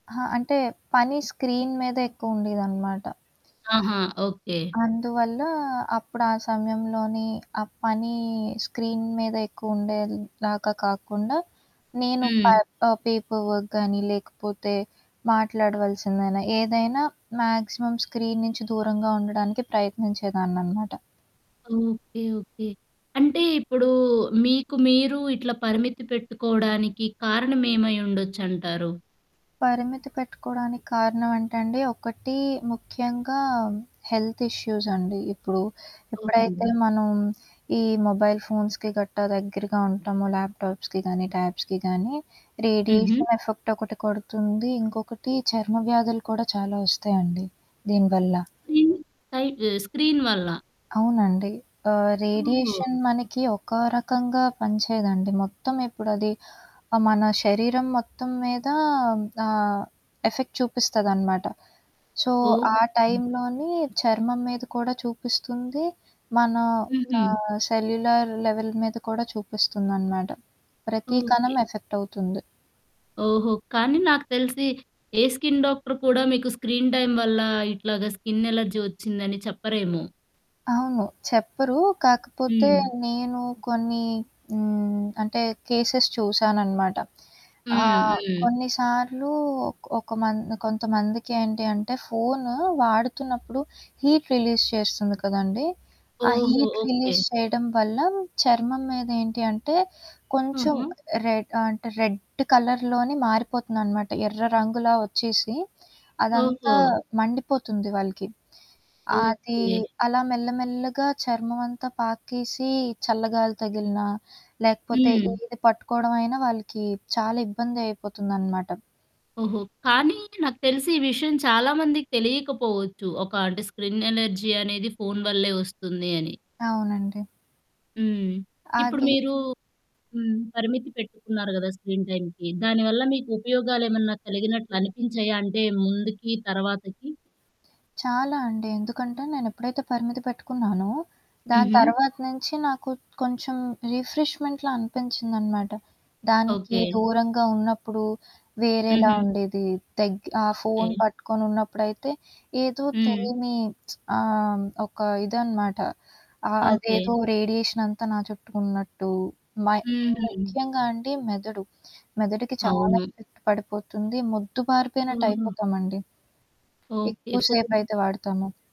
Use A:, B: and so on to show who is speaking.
A: అహా! అంటే పని స్క్రీన్ మీద ఎక్కువుండేదనమాట.
B: ఆహా! ఓకే.
A: అందువల్ల అప్పుడు ఆ సమయంలోనే ఆ పని స్క్రీన్ మీద ఎక్కువుండేలాగా కాకుండా నేను పై
B: హ్మ్.
A: ఆహ్, పేపర్ వర్క్ గానీ లేకపోతే మాట్లాడవాల్సిందైనా, ఏదైనా మాక్సిమం స్క్రీన్ నుంచి దూరంగా ఉండడానికి ప్రయత్నించేదాన్ననమాట.
B: ఓకే. ఓకే. అంటే ఇప్పుడు మీకు మీరు ఇట్లా పరిమితి పెట్టుకోవడానికి కారణం ఏమై ఉండొచ్చంటారు?
A: పరిమితి పెట్టుకోవడానికి కారణం అంటే అండి ఒకటి ముఖ్యంగా హెల్త్ ఇష్యూసండి. ఇప్పుడు,
B: ఓకే
A: ఎప్పుడైతే
B: అండి.
A: మనం ఈ మొబైల్ ఫోన్స్‌కి గట్టా దగ్గరగా ఉంటామో ల్యాప్‌టాప్స్‌కి గానీ, ట్యాబ్స్‌కి గానీ,
B: హుహు.
A: రేడియేషన్ ఎఫెక్ట్ ఒకటి కొడుతుంది. ఇంకొకటి చర్మ వ్యాధులు కూడా చాలా వస్తాయండి దీనివల్ల.
B: రిన్ సైట్ స్క్రీన్ వల్ల?
A: అవునండి. ఆహ్,
B: ఓహో!
A: రేడియేషన్ మనకి ఒక రకంగా పని చేయదండి. మొత్తం ఇప్పుడది ఆహ్, మన శరీరం మొత్తం మీద ఆహ్, ఎఫెక్ట్ చూపిస్తదనమాట. సో,
B: ఓహో!
A: ఆ టైంలోని చర్మం మీద కూడా చూపిస్తుంది. మన యొక్కా
B: హుహు.
A: సెల్యులర్ లెవెల్ మీద కూడా చూపిస్తుందనమాట. ప్రతి
B: ఓకే.
A: కణం ఎఫెక్టవుతుంది.
B: ఓహో! కానీ నాకు తెలిసి ఏ స్కిన్ డాక్టర్ కూడా మీకు స్క్రీన్ టైమ్ వల్ల ఇట్లాగా స్కిన్ ఎలర్జీ వచ్చిందని చెప్పరేమో?
A: అవును. చెప్పరు. కాకపోతే
B: హ్మ్.
A: నేను కొన్ని హ్మ్, అంటే కేసెస్ చూసాననమాట.
B: హ్మ్.
A: ఆహ్,
B: హ్మ్.
A: కొన్నిసార్లు ఒక మం కొంతమందికేంటి అంటే ఫోను వాడుతున్నప్పుడు హీట్ రిలీజ్ చేస్తుంది కదండీ! ఆ
B: ఓహో!
A: Heat
B: okay.
A: రిలీజ్ చేయడం వల్ల చర్మం మీద ఏంటి అంటే కొంచెం
B: ఆహా!
A: రెడ్ అంటే రెడ్ కలర్‌లోనే మారిపోతుందనమాట. ఎర్ర రంగులా వచ్చేసి,
B: ఓహో!
A: అదంతా మండిపోతుంది వాళ్ళకి. అది
B: ఓకే.
A: అలా మెల్లమెల్లగా చర్మమంతా పాకేసి, చల్లగాలి తగిలినా, లేకపోతే
B: హ్మ్.
A: ఇది పట్టుకోవడం అయినా వాళ్ళకి చాలా ఇబ్బంది అయిపోతుందనమాట.
B: ఓహో! కానీ నాకు తెలిసి ఈ విషయం చాలామందికి తెలియకపోవచ్చు. ఒక అంటే స్క్రిన్ ఎలర్జీ అనేది ఫోను వల్లే వస్తుంది అని.
A: అవునండి.
B: హ్మ్. ఇప్పుడు
A: అది
B: మీరు హ్మ్. పరిమితి పెట్టుకున్నారు గదా! స్క్రీన్ టైమ్‌కి. దానివల్ల మీకుపయోగలేమన్నా కలిగినట్లనిపించాయా? అంటే ముందుకి తర్వాతకి?
A: చాలా అండి. ఎందుకంటే నేనెప్పుడైతే పరిమితి పెట్టుకున్నానో, దాని
B: హుహు.
A: తర్వాత నుంచి నాకు కొంచెం రిఫ్రిష్మెంట్‌లా అనిపించిందనమాట. దానికి
B: ఓకే.
A: దూరంగా ఉన్నప్పుడు వేరేలా
B: హుహు.
A: ఉండేది. దగ్ ఆ
B: ఓకే.
A: ఫోను పట్టుకొని ఉన్నప్పుడైతే ఏదో
B: హ్మ్.
A: తెలీని ఆహ్, ఒక ఇదనమాట. ఆహ్,
B: ఓకే.
A: అదేదో రేడియేషనంతా నా చుట్టూ ఉన్నట్టు, మై
B: హుహు.
A: ముఖ్యంగా అండి మెదడు. మెదడుకి చాలా
B: అవును.
A: ఎఫెక్ట్ పడిపోతుంది.
B: హుహు.
A: మొద్దుబారిపోయినటైపోతామండి.
B: ఓకే.
A: ఎక్కువ
B: ఫోను.
A: సేపయితే వాడతము.